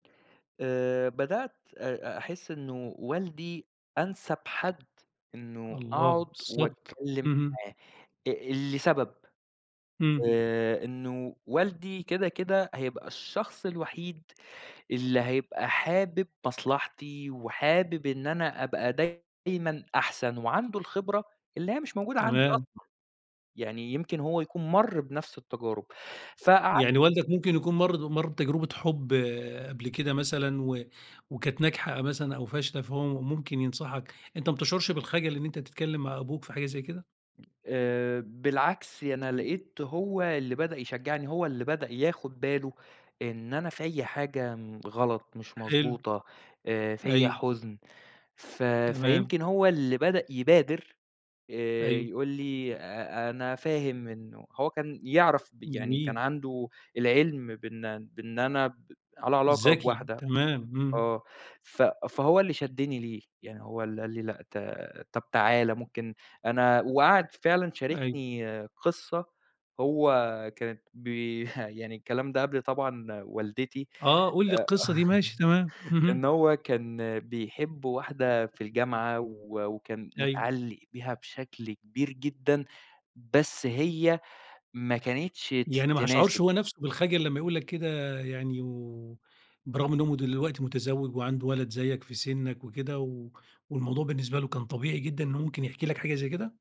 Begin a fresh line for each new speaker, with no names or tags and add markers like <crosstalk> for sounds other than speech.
آآ بدأت آآ أحِس إنه والدي أنسَب حد إنه
الله!
أقعُد
بالضبط.
وأتكلّم
اهم.
معاه آآ لسبب،
إمم.
آآ إنه والدي كده، كده هيبقى الشخص الوحيد اللي هيبقى حابِب مصلحتي وحابِب إن أنا أبقى دايمًا أحسن، وعنده الخبرة اللي هي مش موجودة عندي
تمام.
أصلًا. يعني يمكن هو يكون مَر بنفس التجارب. فقع
يعني والدك ممكن يكون مَر د مَر بتجربة حُب قبل كده مثلًا و وكانت ناجحة مثلًا أو فاشلة، فهو ممكن ينصحك، أنت ما بتشعُرش بالخَجَل إن أنت تتكلّم مع أبوك في حاجة زي كده؟
آآ بالعكس، أنا لقيت هو اللي بدأ يشجّعني، هو اللي بدأ ياخُد باله إن أنا فيّا حاجة م غلط مش
حلو.
مضبوطة، آآ فيّا
أيوه.
حُزن. ف
تمام.
فيمكن هو اللي بدأ يبادر آآ
أيوه.
يقول لي: "آآ، أنا فاهم إنه" هو كان يعرف ب يعني كان
جميل.
عنده العِلْم بإن بإن أنا ب على علاقة
ذكي.
بواحدة
تمام، إمم.
آه. ف فهو اللي شَدِّني ليه. يعني هو اللي قال لي: "لأ، ط طب تعالَ ممكن أنا" وقعد فعلًا
أيوه.
شاركني قصّة، هو كانت بي <chuckles> يعني الكلام ده قبل طبعًا والدتي.
آه، قُل لي
آآ
القصّة دي ماشي، تمام،
<chuckles> إنه
اهم.
هو كان بيحب واحدة في الجامعة و وكان
أيوه.
مِتعلّق بيها بشكل كبير جدًا، بس هي ما كانتش ت
يعني ما هيشعُرش
تناسب.
هو نفسه بالخجل لمّا يقول لك كده يعني و بالرغم إن هو دلوقتي متزوِّج وعنده ولد زيّك في سِنّك وكده و والموضوع بالنسبة له كان طبيعي جدًا إن ممكن يحكي لك حاجة زي كده؟